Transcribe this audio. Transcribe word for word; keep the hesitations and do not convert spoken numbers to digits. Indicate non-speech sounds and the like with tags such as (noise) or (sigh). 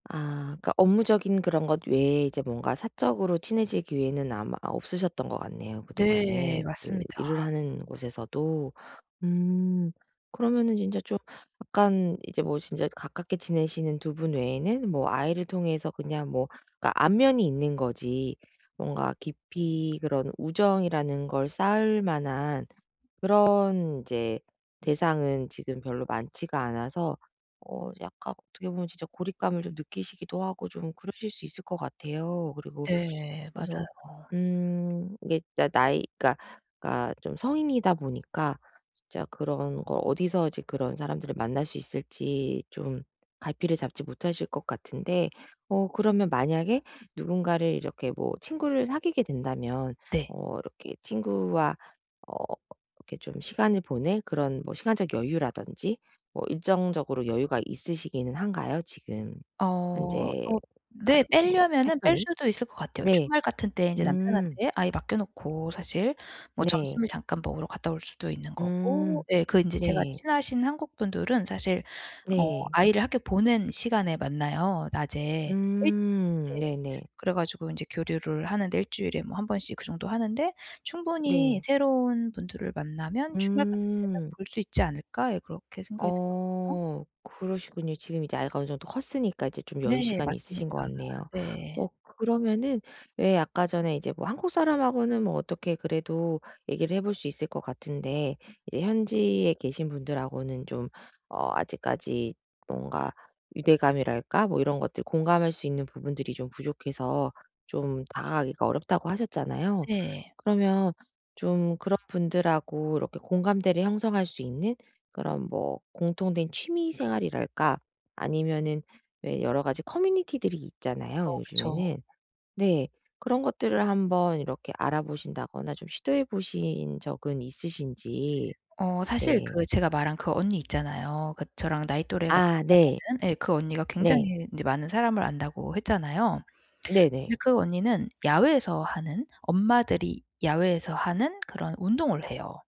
아 그러니까 업무적인 그런 것 외에 이제 뭔가 사적으로 친해질 기회는 아마 아 없으셨던 것 같네요 네. 그동안에 그 맞습니다. 일을 하는 곳에서도. 음 그러면은 진짜 좀 약간 이제 뭐 진짜 가깝게 지내시는 두 분 외에는 뭐 아이를 통해서 그냥 뭐 그러니까 안면이 있는 거지 뭔가 깊이 그런 우정이라는 걸 쌓을만한 그런 이제 대상은 지금 별로 많지가 않아서 어 약간 어떻게 보면 진짜 고립감을 좀 느끼시기도 하고 좀 그러실 수 있을 것 같아요. 그리고 (sucks teeth) 네. 그래서 맞아요. 음 이게 그러니까 나이 그러니까 그러니까 좀 성인이다 보니까 진짜 그런 거 어디서 이제 그런 사람들을 만날 수 있을지 좀 갈피를 잡지 못하실 것 같은데 어 그러면 만약에 누군가를 이렇게 뭐 친구를 사귀게 된다면 네. 어 이렇게 친구와 어 이렇게 좀 시간을 보낼 그런 뭐 시간적 여유라든지 뭐 일정적으로 여유가 있으시기는 한가요, 지금 어 현재 어 네. 나름 뭐 빼려면은 뺄 패턴이? 수도 있을 것 같아요. 네. 주말 같은 때 인제 음. 남편한테 아이 맡겨놓고 사실 뭐 점심을 네. 잠깐 먹으러 갔다 올 수도 있는 거고. 음 예. 그 인제 제가 네. 친하신 한국 분들은 사실 어 네. 아이를 학교 보낸 시간에 만나요. 낮에 일찍 음 네. 네네. 그래가지고 인제 교류를 하는데 일 주일에 뭐 한 번씩 그 정도 하는데 충분히 네. 새로운 분들을 만나면 '주말 같은 때는 음. 볼 수 있지 않을까?' 예 그렇게 생각이 들거든요. 어 그러시군요. 지금 이제 아이가 어느 정도 컸으니까 이제 좀 네. 여유시간이 맞습니다. 있으신 것 같네요. 네. 어 그러면은 왜 아까 전에 이제 뭐 한국사람하고는 뭐 어떻게 그래도 얘기를 해볼 수 있을 것 같은데 이제 현지에 계신 분들하고는 좀 어 아직까지 뭔가 유대감이랄까 뭐 이런 것들 공감할 수 있는 부분들이 좀 부족해서 좀 다가가기가 어렵다고 하셨잖아요. 네. 그러면 좀 그런 분들하고 이렇게 공감대를 형성할 수 있는 그런 뭐 공통된 취미생활이랄까 아니면은 왜 여러 가지 커뮤니티들이 있잖아요, 어 그쵸. 요즘에는. 네. 그런 것들을 한번 이렇게 알아보신다거나 좀 시도해 보신 적은 있으신지 어 사실 네. 그 제가 말한 그 언니 있잖아요. 그 저랑 나이 또래가 아 네. 비슷하다는 예. "그 언니가 네. 굉장히 인제 많은 사람을 안다."고 했잖아요. 근데 네네. 그 언니는 야외에서 하는, 엄마들이 야외에서 하는 그런 운동을 해요.